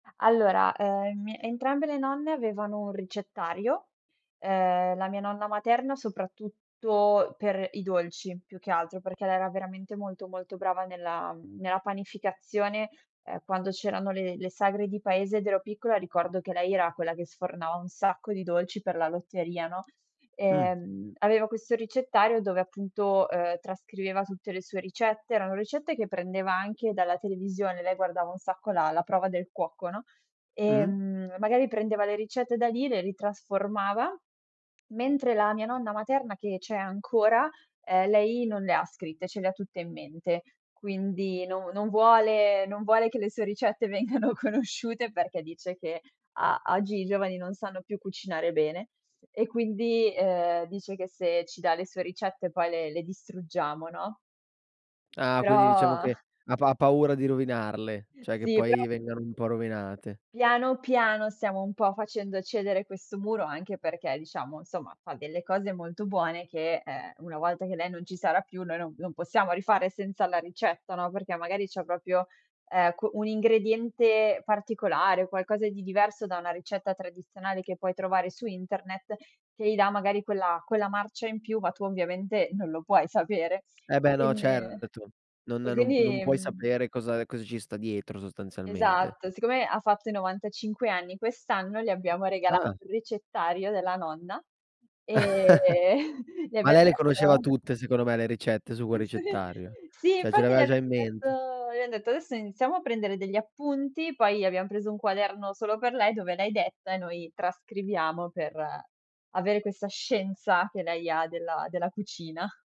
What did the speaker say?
Allora, ehm, mi entrambe le nonne avevano un ricettario. Ehm, la mia nonna materna, soprattutto per i dolci, più che altro, perché lei era veramente molto, molto brava nella mhmm, nella panificazione. Ehm, quando c'erano le le sagre di paese ed ero piccola, ricordo che lei era quella che sfornava un sacco di dolci per la lotteria, no. Mh. Ehm, aveva questo ricettario dove, appunto, ehm, trascriveva tutte le sue ricette. Erano ricette che prendeva anche dalla televisione: lei guardava un sacco la la prova del cuoco, no, Mh. ehm, magari prendeva le ricette da lì, le ritrasformava. Mentre la mia nonna materna, che c'è ancora, ehm, lei non le ha scritte, ce le ha tutte in mente. Quindi no non vuole non vuole che le sue ricette vengano conosciute perché dice che: "Ah, oggi i giovani non sanno più cucinare bene." E quindi, ehm, dice che se ci dà le sue ricette poi le le distruggiamo, no? Ah, quindi diciamo Però che ha pa ha paura di rovinarle. Cioè che Sì, però poi vengano un po' rovinate. Piano piano stiamo un po' facendo cedere questo muro, anche perché, diciamo, somma, fa delle cose molto buone che, ehm, una volta che lei non ci sarà più noi non non possiamo rifare senza la ricetta, no, perché magari c'è proprio ecco, un ingrediente particolare, qualcosa di diverso da una ricetta tradizionale che puoi trovare su internet, che gli dà magari quella quella marcia in più, ma tu, ovviamente, non lo puoi sapere. Eh beh E no, quindi certo. Non e non non quindi, puoi mhmm sapere cosa cosa ci sta dietro sostanzialmente. Esatto. Siccome ha fatto i 95 anni, quest'anno le abbiamo regalato Ah. il ricettario della nonna. Ehm, le Ma abbiam lei le conosceva detto tutte, secondo me, le ricette su quel ricettario. Sì, Cioè ce le infatti le aveva abbia già in mente. detto le han detto: "Adesso iniziamo a prendere degli appunti"; poi abbiam preso un quaderno solo per lei dove lei detta e noi trascriviamo per avere questa scienza che lei ha della della cucina.